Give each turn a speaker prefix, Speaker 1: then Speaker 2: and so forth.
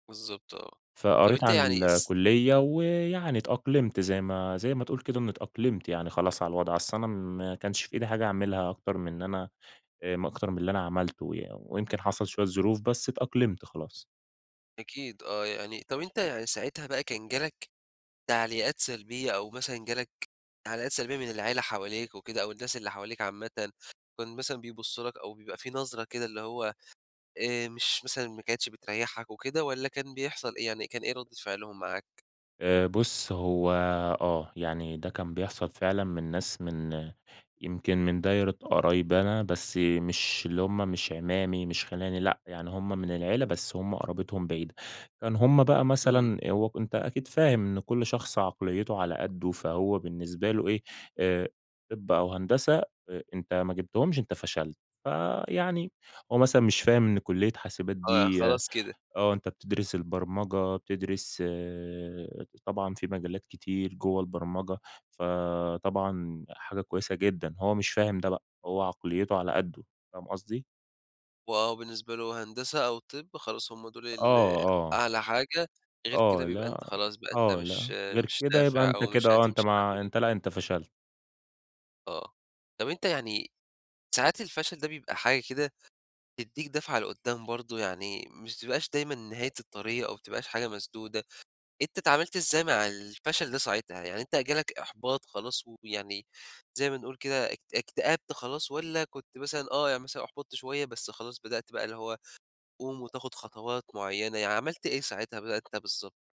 Speaker 1: بالضبط آه. طَب
Speaker 2: فقريت
Speaker 1: أنتَ
Speaker 2: عن
Speaker 1: يعني س
Speaker 2: الكلية ويعني اتأقلمت زي ما زي ما تقول كده إن اتأقلمت يعني خلاص على الوضع، أصل أنا ما كانش في إيدي حاجة أعملها أكتر من أنا آآ أكتر من اللي أنا عملته يعن ويمكن حصل شوية ظروف بس اتأقلمت خلاص.
Speaker 1: أكيد آه يعني، طَب أنتَ يعني ساعتها بقى كان جَالك تعليقات سلبية أو مثلًا جالك تعليقات سلبية من العيلة حواليك وكده، أو الناس اللي حواليك عامةً، كان مثلًا بيبصوا لك أو بيبقى في نظرة كده اللي هو آآ، مش مثلًا ما كانتش بتريحك وكده واّلا كان بيحصل إيه، يعني كان إيه ردة فعلهم معاك؟
Speaker 2: آآ بُُص هو آه، يعني ده كان بيحصل فعلًا من ناس من يمكن من دايرة قرايبي أنا بس مش اللي هم مش أعمامي مش خيلاني لأ، يعني هم من العيلة بس هم قرابتهم بعيدة. كانوا هم بقى
Speaker 1: امم.
Speaker 2: مثلًا، هو أنتَ أكيد فاهم إن كل شخص عقليته على قدّه فهو بالنسبة له إيه آآ، طِب أو هندسة أ أنتَ ما جيبتهمش أنتَ فشلت، فيعني هو مثلًا مش فاهم إن كلية حاسبات
Speaker 1: آه،
Speaker 2: دي
Speaker 1: خلاص كده.
Speaker 2: آه أنتَ بتدرس البرمجة، بتدرس طبعًا في مجالات كتير جوّه البرمجة، فطبعًا حاجة كويسة جدًا، هو مش فاهم ده بقى، هو عقليته على قدّه، فاهم قصدي؟
Speaker 1: وآه، بالنسبة لهم هندسة أو طِب خلاص هم دول ال
Speaker 2: آه، آه.
Speaker 1: أعلى حاجة، غير
Speaker 2: آه
Speaker 1: كده بيبقى
Speaker 2: لأ،
Speaker 1: أنتَ خلاص بقى أنتَ
Speaker 2: آه
Speaker 1: مش
Speaker 2: لأ غير
Speaker 1: مش
Speaker 2: كده يبقى
Speaker 1: نافع
Speaker 2: أنتَ
Speaker 1: أو مش
Speaker 2: كده آه أنتَ
Speaker 1: هتمشي بقى في
Speaker 2: ما
Speaker 1: ال
Speaker 2: أنتَ لأ، أنتَ فشلت.
Speaker 1: آه، طَب أنتَ يعني ساعات الفشل ده بيبقى حاجة كده تدّيك دَفْعَة لقدّام برضه، يعني مش ما تبقاش دايمًا نهاية الطريق، أو ما تبقاش حاجة مسدودة، أنتَ اتعاملت إزاي مع الفشل ده ساعتها؟ يعني أنتَ جالك إحباط خلاص ويعني زي ما نقول كده اك اكتأبت خلاص، والّا كنت مثلًا آه يعني مثلًا أحبطت شوية بس خلاص بدأت بقى اللي هو تقوم وتاخد خطوات معينة، يعني عملت إيه ساعتها؟ [unintelligible] بالضبط.